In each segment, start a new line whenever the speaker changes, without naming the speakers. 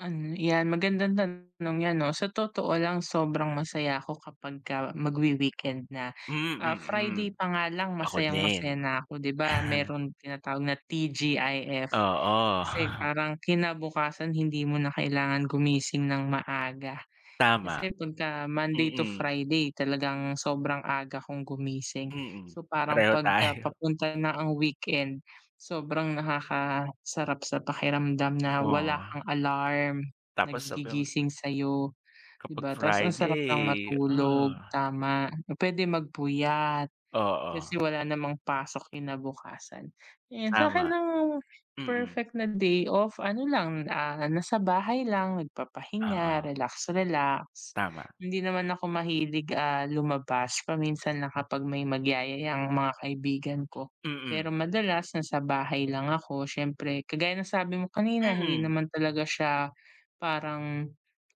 Ano 'yan magandang tanong 'yan 'no. Sa totoo lang sobrang masaya ako kapagka magwi-weekend na.
Mm,
Ah,
mm.
Friday pa nga lang
Ako
masayang-masaya
din.
na ko 'di ba meron tinatawag na TGIF
Oo.
kasi parang kinabukasan hindi mo na kailangan gumising ng maaga.
Tama.
Kasi pagka Monday to
Mm.
Friday talagang sobrang aga kong gumising.
Mm,
So parang
pareho
pagka
tayo.
papunta na ang weekend, sobrang nakakasarap sa pakiramdam na wala kang
Wah.
alarm na
Tapos sabi mo
gigising sa'yo 'di
Kapag
ba ta's ang sarap lang
friday,
matulog
ah.
tama, na puwede magpuyat
Oo.
kasi wala namang pasok kinabukasan. And sa'kin
Tama.
ang
Mm.
perfect na day off ano lang, ah, nasa bahay lang nagpapahinga
Oo.
relax, relax.
Tama.
Hindi naman ako mahilig, ah, lumabas paminsan lang kapag may magyayaya ang mga kaibigan ko,
Mm.
pero madalas nasa bahay lang ako siyempre kagaya ng sabi mo kanina hindi
Mm.
naman talaga siya parang,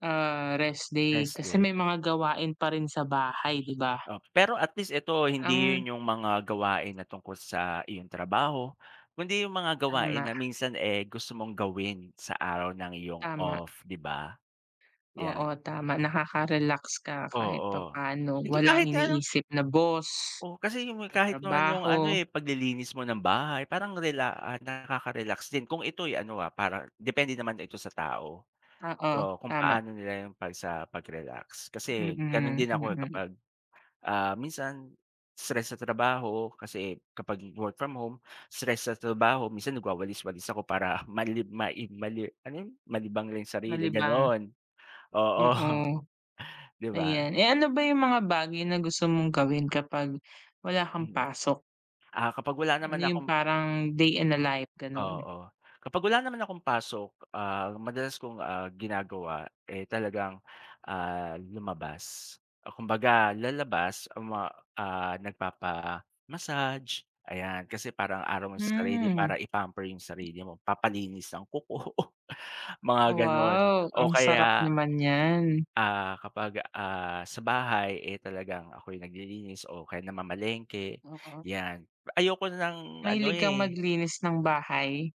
ah, rest day
Rest
kasi
day.
may mga gawain pa rin sa bahay 'di ba?
Oh, pero at least ito, hindi
Ang
yun yung mga gawain na tungkol sa iyong trabaho kundi yung mga gawain
Tama.
na minsan, eh, gusto mong gawin sa araw ng iyong
Tama.
off 'di ba?
Oo
'Yan.
tama nakakarelax ka kahit
Oo,
papa'no.
hindi
Walang
kahit ano
iniisip na boss.
Oh kasi yung
Sa
kahit naman yung ano,
trabaho.
eh, paglilinis mo ng bahay parang rela ah, nakaka-relax din kung ito'y ano, ah, parang depende naman ito sa tao.
Oo
Oo kung
tama.
paano nila yung pag sa pag-relax kasi ganun
Mm,
din ako, eh,
mm.
kapag, ah minsan stress sa trabaho kasi kapag work from home, stress sa trabaho minsan nagwawalis-walis ako para malib ma mali ano yun? Malibang lang yung sarili
Malibang.
gano'n, oo.
Oo.
'Di ba?
Ayan, eh, ano ba yung mga bagay na gusto mong gawin kapag wala kang
Mm.
pasok?
Ah kapag wala
Ano
naman
yung
akong
parang day in a life gano'n.
Oo, kapag wala naman akong pasok, ah, madalas kong, ah, ginagawa, eh, talagang, ah, lumabas. Ah, kumbaga lalabas ma, ah, nagpapa-massage ayan kasi parang araw mo sa sarili para
Hmm.
i-pamper yung sarili mo, papalinis ng kuko, mga ganun
Wow
o
ang sarap
kaya
naman n'yan.
ah, kapag, ah, sa bahay, eh, talagang ako'y naglilinis o kaya namamalengke,
Mm.
'yan. Ayoko ng ano
Mahilig kang
eh
maglinis ng bahay?